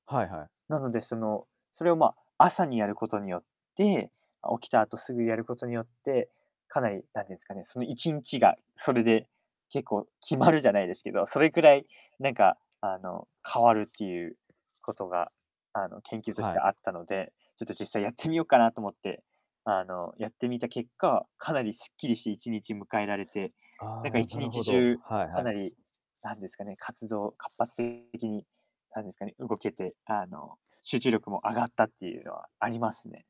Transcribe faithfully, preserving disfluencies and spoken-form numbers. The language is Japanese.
はいはい。なので、その、それを、まあ、朝にやることによって、あ、起きた後すぐやることによって、かなり何て言うんすかね。そのいちんちが、それで、結構決まるじゃないですけど、それくらい、何か、あの、変わるっていうことが、あの、研究としはてい。あったので、ちょっと実際やってみようかなと思って、あの、やってみた結果、かなりすっきりしていちにち迎えられて、なんかああ。いなちるにちほじど、ゅう、はいはかい。なり、なんですかね。活動を活発的に、なんですかね。動けて、あの、集中力も上がったっていうのはありますね。